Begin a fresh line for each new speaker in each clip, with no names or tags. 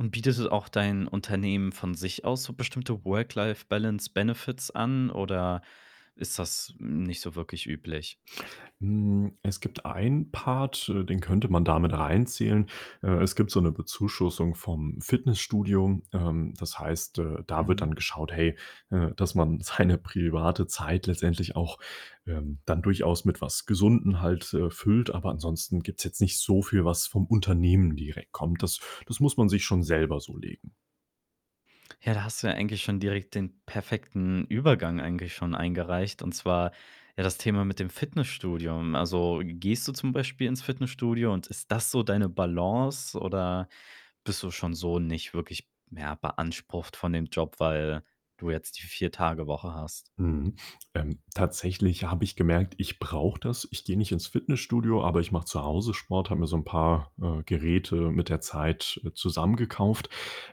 Und bietet auch dein Unternehmen von sich aus so bestimmte Work-Life-Balance-Benefits an oder ist das nicht so wirklich üblich?
Hm, es gibt einen Part, äh, den könnte man da mit reinzählen. Äh, es gibt so 'ne Bezuschussung vom Fitnessstudio. Ähm, das heißt, äh, da wird
Mhm.
dann geschaut, hey, dass man seine private Zeit letztendlich auch, ähm, dann durchaus mit was Gesunden halt, äh, füllt, aber ansonsten gibt's jetzt nicht so viel, was vom Unternehmen direkt kommt. Das das muss man sich schon selber so legen.
Ja, da hast du ja eigentlich schon direkt den perfekten Übergang eigentlich schon eingereicht, und zwar, ja, das Thema mit dem Fitnessstudio. Also, gehst du zum Beispiel ins Fitnessstudio und ist das so deine Balance, oder bist du schon so nicht wirklich mehr beansprucht von dem Job, weil du jetzt die 4-Tage-Woche hast?
Mhm. Ähm, tatsächlich habe ich gemerkt, ich brauche das. Ich gehe nicht ins Fitnessstudio, aber ich mache zu Hause Sport, habe mir so 'n paar, äh, Geräte mit der Zeit, äh, zusammengekauft,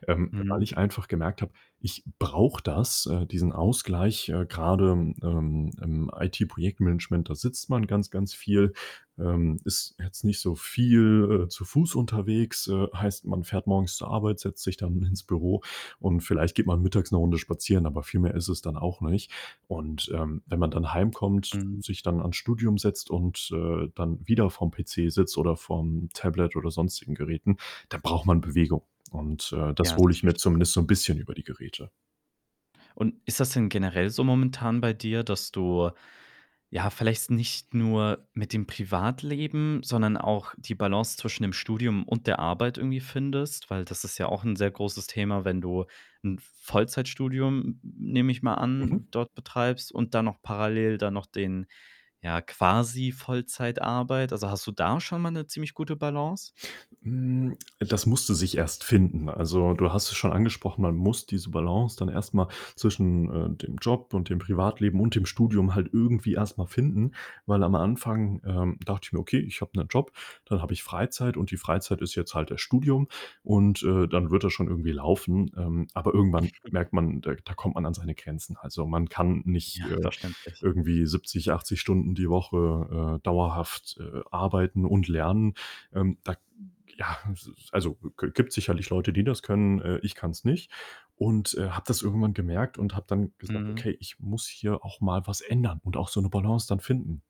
ähm,
Mhm.
weil ich einfach gemerkt habe, ich brauche das, äh, diesen Ausgleich. Äh, grade, ähm, im IT-Projektmanagement, da sitzt man ganz, ganz viel, ähm, ist jetzt nicht so viel, äh, zu Fuß unterwegs, äh, heißt man fährt morgens zur Arbeit, setzt sich dann ins Büro und vielleicht geht man mittags 'ne Runde spazieren, aber viel mehr ist es dann auch nicht. Und, ähm, wenn man dann heimkommt,
Mhm.
sich dann ans Studium setzt und, äh, dann wieder vorm PC sitzt oder vorm Tablet oder sonstigen Geräten, dann braucht man Bewegung. Und, äh, das
Ja,
hole ich mir zumindest
selbstverständlich.
so 'n bisschen über die Geräte.
Und ist das denn generell so momentan bei dir, dass du, ja, vielleicht nicht nur mit dem Privatleben, sondern auch die Balance zwischen dem Studium und der Arbeit irgendwie findest? Weil das ist ja auch 'n sehr großes Thema, wenn du 'n Vollzeitstudium, n nehme ich mal an,
Mhm.
dort betreibst und dann noch parallel dann noch den, ja, quasi Vollzeitarbeit? Also, hast du da schon mal 'ne ziemlich gute Balance?
Hm, das musste sich erst finden. Also, du hast es schon angesprochen, man muss diese Balance dann erst mal zwischen, äh, dem Job und dem Privatleben und dem Studium halt irgendwie erst mal finden, weil am Anfang, ähm, dachte ich mir: „Okay, ich habe 'nen Job, dann habe ich Freizeit und die Freizeit ist jetzt halt das Studium und, äh, dann wird das schon irgendwie laufen.“ Ähm, aber irgendwann merkt man, da da kommt man an seine Grenzen. Also, man kann nicht,
Ja,
äh,
verständlich.
irgendwie 70, 80 Stunden die Woche, äh, dauerhaft, äh, arbeiten und lernen. Ähm, da ja, s s also, g gibt's sicherlich Leute, die das können. Äh, ich kann's nicht. Und, äh, habe das irgendwann gemerkt und habe dann gesagt:
Mhm.
„Okay, ich muss hier auch mal was ändern und auch so 'ne Balance dann finden.“